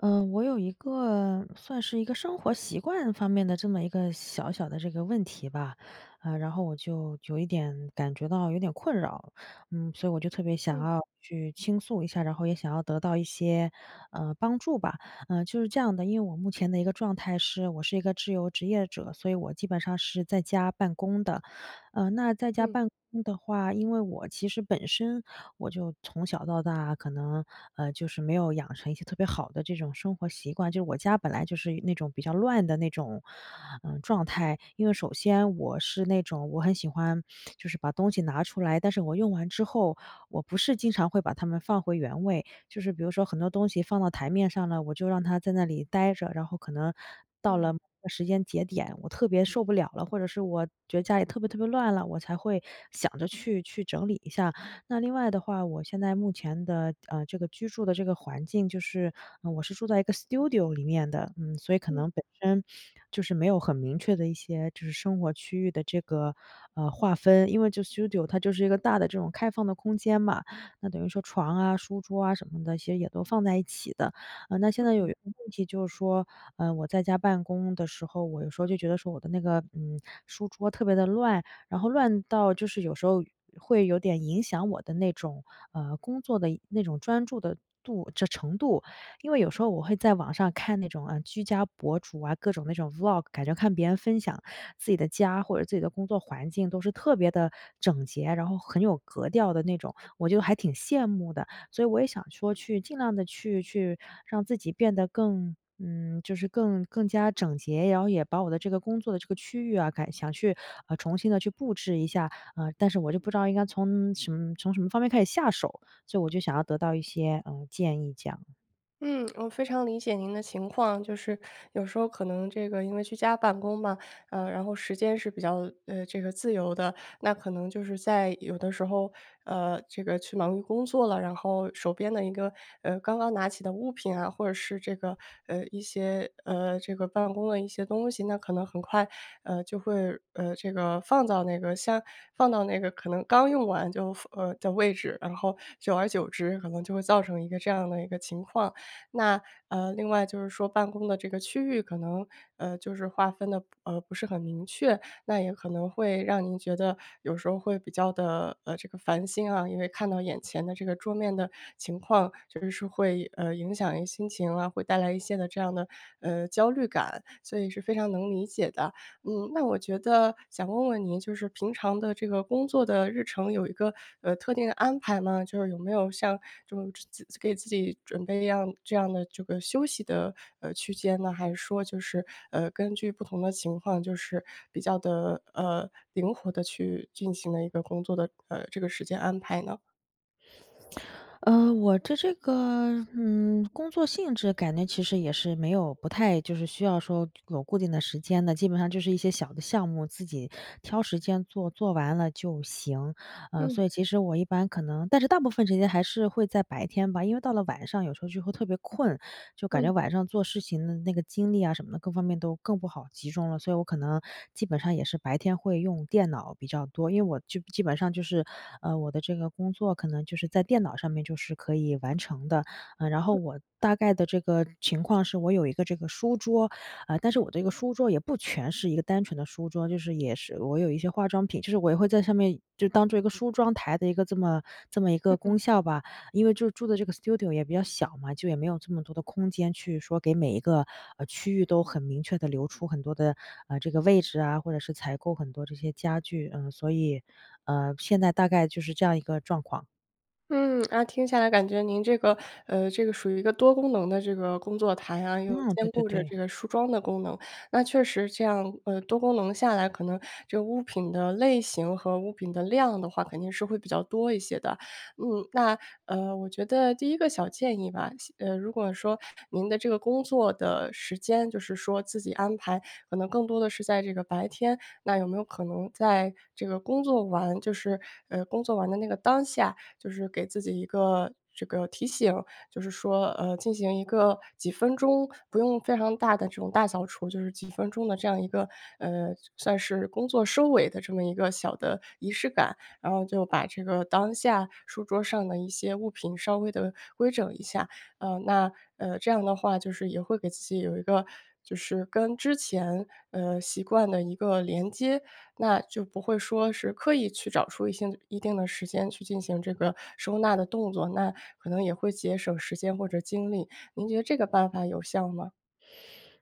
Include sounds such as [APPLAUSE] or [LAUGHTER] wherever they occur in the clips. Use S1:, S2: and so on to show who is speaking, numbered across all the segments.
S1: 呃，我有一个算是一个生活习惯方面的这么一个小小的这个问题吧。嗯，然后我就有一点感觉到有点困扰，嗯，所以我就特别想
S2: 嗯。
S1: 要去倾诉一下，然后也想要得到一些，嗯，帮助吧。嗯，就是这样的，因为我目前的一个状态是我是一个自由职业者，所以我基本上是在家办公的。嗯，那在家
S2: 嗯。
S1: 办公的话，因为我其实本身，我就从小到大可能，嗯，就是没有养成一些特别好的这种生活习惯。就是我家本来就是那种比较乱的那种，嗯，状态。因为首先我是那种我很喜欢 [SMACKS LIPS] 就是把东西拿出来，但是我用完之后，我不是经常会把它们放回原位，就是比如说很多东西放到台面上了，我就让它在那里呆着，然后可能到了
S2: 嗯。
S1: 某个时间节点，我特别受不了了，或者是我觉得家里特别特别乱了，我才会想着去去整理一下。那另外的话，我现在目前的，呃，这个居住的这个环境就是嗯，我是住在一个 studio 里面的。嗯，所以可
S2: 嗯。
S1: 能本身 [SNIFFS] 就是没有很明确的一些就是生活区域的这个，嗯，划分。因为就 studio，它就是一个大的这种开放的空间嘛，那等于说床啊，书桌啊，什么的些也都放在一起的。嗯，那现
S2: 嗯
S1: 在有
S2: 嗯。
S1: 一个问题就是说，嗯，我在家办公的时候，我有时候就觉得说我的那个，嗯，书桌特别的乱。然后乱到就是有时候会有点影响我的那种，呃，工作的那种专注的度程程度。因为有时候我会在网上看那种，嗯，居家博主啊，各种那种 Vlog，感觉看别人分享自己的家或者自己的工作环境都是特别地整洁，然后很有格调的那种，我就还挺羡慕的。所以我也想说去尽量地去去，让自己变得更，嗯，就是更更加整洁，然后也把我的这个工作的这个区域啊，改想去重新地去布置一下。嗯，但是我就不知道应该从什从什么方面开始下手。所以我就想要得到一些，嗯，建议这样。
S2: 嗯，我非常理解您的情况。就是有时候可能这个因为居家办公嘛，呃，然后时间是比较，呃，这个自由的。那可能就是在有的时候，呃，这个去忙于工作了，然后手边的一个，呃，刚刚拿起的物品啊，或者是这个呃，一些呃，这个办公的一些东西，那可能很快，呃，就会，呃，这个放到那个箱放到那个可能刚用完就放呃，的位置，然后久而久之，可能就会造成一个这样的一个情况。那呃，另外就是说办公的这个区域可能，呃，就是划分得，呃，不是很明确，那也可能会让您觉得有时候会比较地，呃，这个烦心啊。因为看到眼前的这个桌面的情况，确实是会，呃，影响一些心情啊，会带来一些的这样的，呃，焦虑感。所以是非常能理解的。嗯，那我觉得想问问您，就是平常的这个工作的日程，有一个，呃，特定的安排吗？就是有没有像这种自给自己准备样这样的这个休息的，呃，区间呢？还是说就是，呃，根据不同的情况，就是比较地，呃，灵活地去进行了一个工作的，呃，这个时间安排呢？
S1: 呃，我的这个，嗯，工作性质感觉其实也是没有不太就是需要说有固定的时间的，基本上就是一些小的项目，自己挑时间做，做完了就行。呃，
S2: 嗯。
S1: 所以其实我一般可能但是大部分时间还是会在白天吧，因为到了晚上，有时候就会特别困。就感
S2: 嗯。
S1: 觉晚上做事情的那个精力呀，什么的各方面都更不好集中了，所以我可能基本上也是白天会用电脑比较多。因为我就基本上就是，呃，我的这个工作可能就是在电脑上面就是可以完成的。嗯，然后
S2: 嗯。
S1: 我大概的这个情况是我有一个这个书桌，嗯，但是我这个书桌也不全是一个单纯的书桌，就是也是我有一些化妆品就是我也会在上面就当做一个梳妆台的一个这么这么一个
S2: 嗯嗯。
S1: 功效吧。因为就住的这个 studio 也比较小嘛，就也没有这么多的空间去说给每一个，呃，区域都很明确地留出很多的，呃，这个位置啊，或者是采购很多这些家具。嗯，所以，嗯，现在大概就是这样一个状况。
S2: 嗯，那听下来感觉，您这个呃，这个属于一个多功能的这个工作台啊，又
S1: 嗯，对
S2: 兼
S1: 对
S2: 顾着
S1: 对。
S2: 这个梳妆的功能。那确实这样呃，多功能下来，可能这个物品的类型和物品的量的话肯定是会比较多一些的。嗯，那呃，我觉得第一个小建议吧，先呃，如果说您的这个工作的时间就是说自己安排，可能更多的是在这个白天，那有没有可能在这个工作完就是，呃，工作完的那个当下，就是给自己一个这个提醒？就是说，呃，进行一个几分钟，不用非常大的这种大扫除，就是几分钟的这样一个，呃，算算是工作收尾的这么一个小的仪式感。然后就把这个当下书桌上的一些物品稍微地规整一下。呃，那呃，这样的话就是也会给自己有一个就是跟之前，呃，习惯的一个连接。那就不会说是刻意去找出一些一定的时间去进行这个收纳的动作，那可能也会节省时间或者精力。您觉得这个办法有效吗？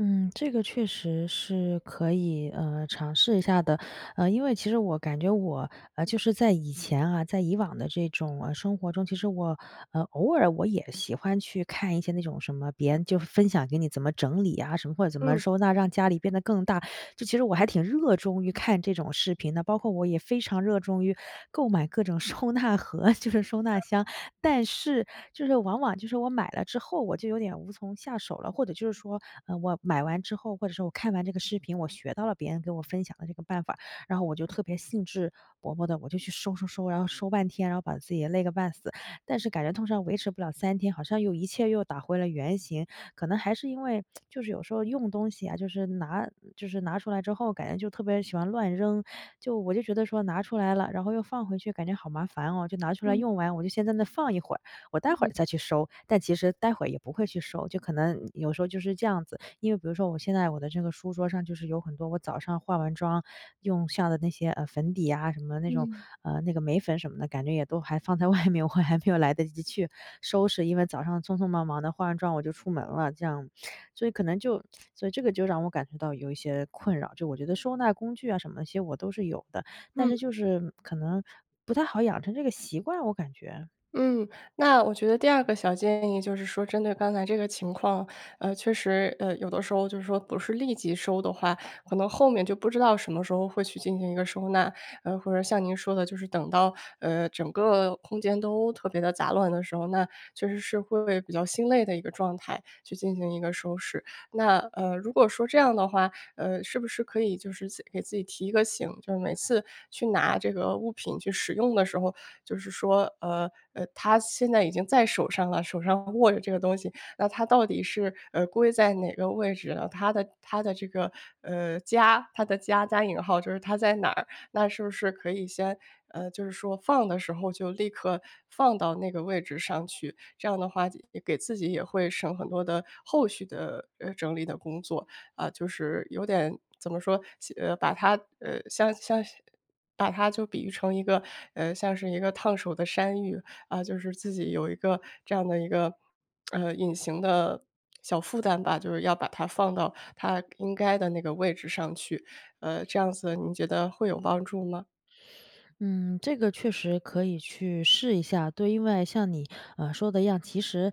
S1: 嗯，这个确实是，可以，呃，尝试一下的。呃，因为其实我感觉我呃，就是在以前啊在以往的这种，啊，生活中，其实我呃，偶尔我也喜欢去看一些那种，什么别人就是分享给你怎么整理啊，什么或者怎么
S2: 嗯。
S1: 收纳让家里变得更大，就其实我还挺热衷于看这种视频的。包括我也非常热衷于购买各种收纳盒，就是收纳箱。[CHUCKLES] 但是就是往往就是我买了之后，我就有点无从下手了。或者就是说，呃，我买完之后或者说我看完这个视频，我学到了别人给我分享的这个办法，然后我就特别兴致勃勃地我就去收收收，然后收半天，然后把自己也累个半死。但是感觉通常维持不了3天好像又一切又打回了原形。可能还是因为，[TSK] 就是有时候用东西啊，就是拿就是拿出来之后，感觉就特别喜欢乱扔，就我就觉得说：“拿出来了然后又放回去，感觉好麻烦哦，就拿出来
S2: 嗯。
S1: 用完，我就先在那放一会儿，我待会儿
S2: 嗯。
S1: 再去收。”但其实待会儿也不会去收，就可能有时候就是这样子。因为比如说我现在我的这个书桌上就是有很多，我早上化完妆用下的那些，呃，粉底呀，什么的那种
S2: 嗯。
S1: 呃，那个眉粉什么的，感觉也都还放在外面，我还没有来得及去收拾。因为早上匆匆忙忙地化完妆我就出门了这样。所以可能就所以这个就让我感觉到有一些困扰。就我觉得收纳工具啊什么的那些我都是有的，但
S2: 嗯。
S1: 是就是可能不太好养成这个习惯，我感觉。
S2: 嗯，那我觉得第二个小建议就是说，针对刚才这个情况，呃，确实呃，有的时候就是说不是立即收的话，可能后面就不知道什么时候会去进行一个收纳。呃，或者像您说的，就是等到，呃，整个空间都特别地杂乱的时候，那确实是会为比较心累的一个状态去进行一个收拾。那呃，如果说这样的话，呃，是不是可以就是自给自己提一个醒，就是每次去拿这个物品去使用的时候，就是说呃呃，它现在已经在手上了，手上握着这个东西，那它到底是，呃，归在哪个位置呢？它的它的这个呃，“家”它的“家”加引号就是它在哪儿？那是不是可以先呃，就是说放的时候就立刻放到那个位置上去？这样的话，这也给自己也会省很多的后续的，呃，整理的工作。啊，就是，有点怎么说？先呃，把它呃，像是像是把它就比喻成一个呃，像是一个烫手的山芋，啊，就是自己有一个这样的一个，[SMACKS LIPS] 呃，隐形的 [SMACKS LIPS] 小负担吧，就是要把它放到它应该的那个位置上去。呃，这样
S1: [SNIFFS]
S2: 子您觉得会有帮助吗？
S1: 嗯，这个确实可以去试一下。对，因为像你，呃，说的一样，其实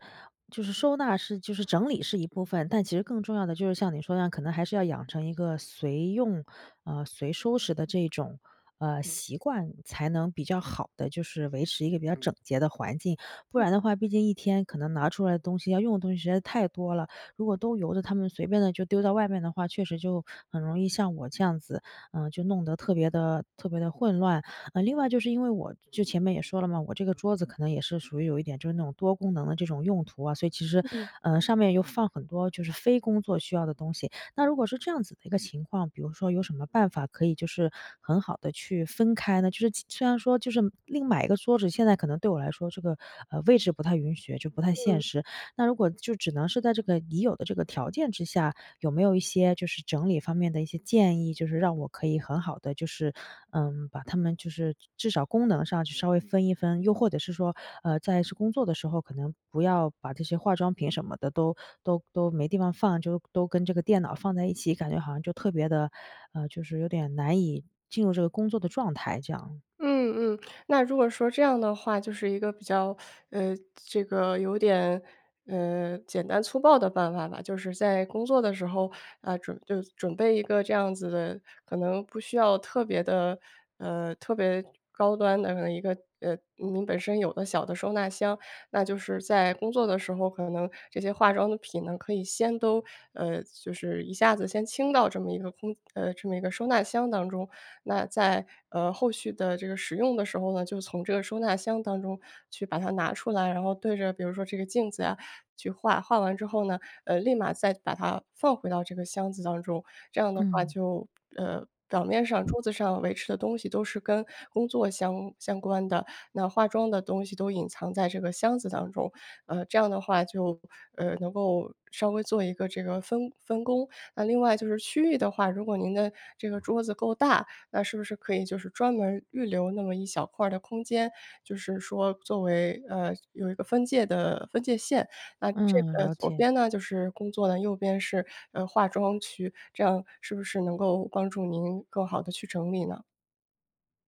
S1: 就是收纳是就是整理是一部分，但其实更重要的就是像你说的那样，可能还是要养成一个随用，啊，随收拾的这种，呃，习惯，才能比较好地就是维持一个比较整洁的环境。不然
S2: 嗯。
S1: 的话毕竟一天可能拿出来的东西、要用的东西实在是太多了，如果都由着它们随便地就丢到外面的话，确实就很容易像我这样子，呃，就弄得特别地特别地混乱。呃，另外就是因为我就前面也说了嘛，我这个桌子可能也是属于有一点就是那种多功能的这种用途啊，所以其实
S2: 嗯。
S1: 呃，上面又放很多就是非工作需要的东西。那如果是这样子的一个情况比如说有什么办法可以就是很好地去分开呢？就是其虽然说就是另买一个桌子现在可能对我来说这个，呃，位置不太允许，就不太现
S2: 嗯。
S1: 实。那如果就只能是在这个已有的这个条件之下，有没有一些就是整理方面的一些建议，就是让我可以很好地就是，嗯，把它们就是至少功能上去稍微分一分。又或者是说，呃，在是工作的时候，可能不要把这些化妆品什么的都都都没地方放，就都跟这个电脑放在一起，感觉好像就特别地呃，就是有点难以进入这个工作的状态这样。
S2: 嗯，嗯。那如果说这样的话，就是一个比较 [SUCKS TEETH] 呃，这个有点，呃，简单粗暴的办法吧。就是在工作的时候，呃，准就准备一个这样子的可能不需要特别地呃，特别高端的一个呃，您本身有的小的收纳箱。那就是在工作的时候，可能这些化妆的品呢可以先都呃，就是一下子先清到这么一个空呃，这么一个收纳箱当中。那在，呃，后续的这个使用的时候呢，就从这个收纳箱当中去把它拿出来，然后对着比如说这个镜子啊，去化，化完之后呢，呃，立马再把它放回到这个箱子当中。这样的话
S1: 嗯。
S2: 就呃，表面上桌子上维持的东西都是跟工作相相关的，那化妆的东西都隐藏在这个箱子当中。呃，这样的话就呃，能够稍微做一个这个分分工。那另外就是区域的话，如果您的这个桌子够大，那是不是可以就是专门预留那么一小块儿的空间，就是说作为呃，有一个分界的分界线。那这
S1: 嗯，
S2: 个
S1: 了
S2: 左
S1: 解。
S2: 边呢就是工作的，右边是，呃，化妆区。这样是不是能够帮助您更好地去整理呢？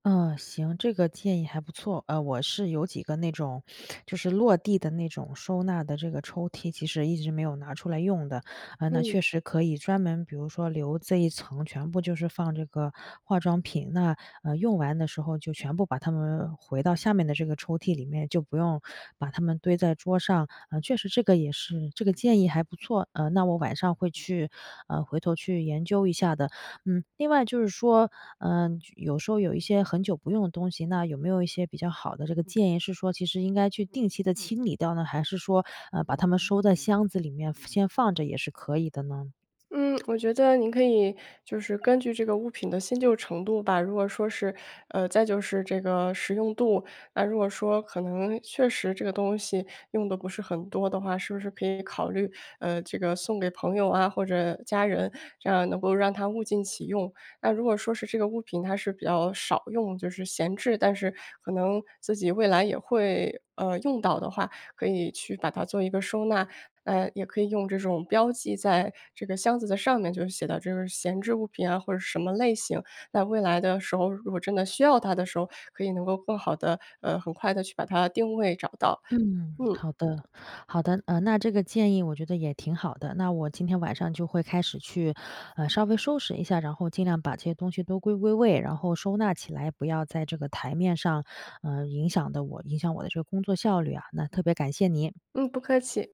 S1: 嗯，行。这个建议还不错。呃，我是有几个那种，[SNIFFS] 就是落地的那种收纳的这个抽屉其实一直没有拿出来用的。嗯，那
S2: 嗯。
S1: 确实可以专门比如说留这一层全部就是放这个化妆品，那，呃，用完的时候就全部把它们回到下面的这个抽屉里面，就不用把它们堆在桌上。嗯，确实这个也是这个建议还不错。嗯，那我晚上会去，嗯，回头去研究一下的。嗯，另外就是说，嗯，有时候有一些很久不用的东西，那有没有一些比较好的这个建议是说其实应该去定期地清理掉呢，还是说，嗯，把它们收在箱子里面先放着也是可以的呢？
S2: 嗯，我觉得您可以就是根据这个物品的新旧程度吧，如果说是呃，再就是这个实用度。那如果说可能确实这个东西用得不是很多的话，是不是可以考虑，呃，这个送给朋友啊，或者家人，这样能够让它物尽其用。那如果说是这个物品它是比较少用，就是闲置，但是可能自己未来也会，呃，用到的话，可以去把它做一个收纳。嗯，也可以用这种标记在这个箱子的上面就写到这个闲置物品啊，或者什么类型。那未来的时候，如果真的需要它的时候，可以能够更好地，呃，很快地去把它定位找到。
S1: 嗯，
S2: 嗯。
S1: 好的，好的。嗯，那这个建议我觉得也挺好的。那我今天晚上就会开始去，呃，稍微收拾一下，然后尽量把这些东西都归归位，然后收纳起来，不要在这个台面上，呃，影响的我影响我的这个工作效率啊，那特别感谢你。
S2: 嗯，不客气。